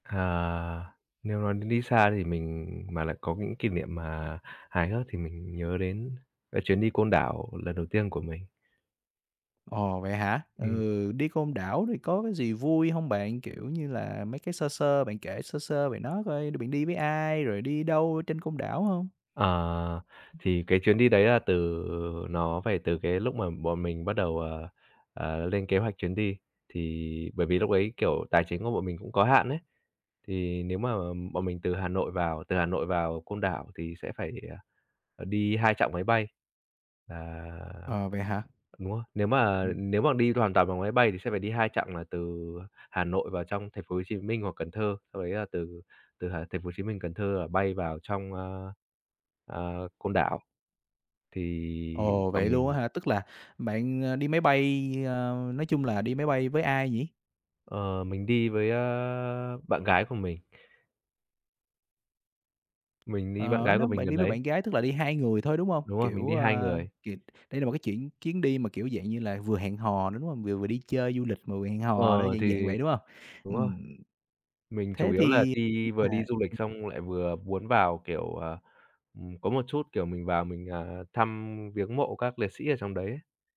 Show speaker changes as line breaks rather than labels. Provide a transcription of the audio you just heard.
À. Nếu nói đến đi xa thì mình mà lại có những kỷ niệm mà hài hước thì mình nhớ đến cái chuyến đi Côn Đảo lần đầu tiên của mình.
Ồ, vậy hả?
Ừm.
Ừ, đi Côn Đảo thì có cái gì vui hông bạn? Kiểu, như là mấy cái sơ sơ bạn kể sơ sơ về nó coi, đ bạn đi với ai? Rồi đi đâu trên Côn Đảo hông?
À, thì cái chuyến đi đấy là từ nó phải từ cái lúc mà bọn mình bắt đầu, ờ, ờ, lên kế hoạch chuyến đi, thì bởi vì lúc đấy, kiểu, tài chính của bọn mình cũng có hạn ấy. Thì nếu mà bọn mình từ Hà Nội vào từ Hà Nội vào Côn Đảo thì sẽ phải đi, à, ờ, đi 2 chặng máy bay. À,
Ờ, vậy hả?
đúng rồi, nếu mà
Ừm.
nếu mà đi hoàn toàn bằng máy bay thì sẽ phải đi 2 chặng là từ Hà Nội vào trong thành phố Hồ Chí Minh hoặc Cần Thơ, xong đấy là từ từ h thành phố Hồ Chí Minh, Cần Thơ là bay vào trong, a, ờ, Côn Đảo. Thì
Ồ!
bọn
Vậy luôn
mình
á hả? Tức là bạn, ơ, đi máy bay, ơ nói chung là đi máy bay với ai nhỉ?
Ờ, mình đi với, ơ, bạn gái của mình. Mình đi bạn
Ờ,
gái của
nếu
mình
bạn
gần
đi với
đấy.
bạn gái tức là đi 2 người thôi, đúng hông?
Đúng rồi, mình
Kiểu
đi 2
a,
người.
kịt đây là một cái chuyện chuyến đi mà, kiểu, dạng như là, vừa hẹn hò nữa, đúng hông? Vừa vừa đi chơi du lịch mà vừa hẹn hò nữa,
Ờ,
dạng dạng
thì
vậy, đúng hông?
đúng rồi,
Ừm,
mình chủ
thế
yếu là
thì biết
đi vừa
là
đi du lịch
[unintelligible]
xong lại vừa muốn vào, kiểu, ờ, ừm, có một chút, kiểu, mình vào mình, à, thăm viếng mộ các liệt sĩ ở trong đấy ấy.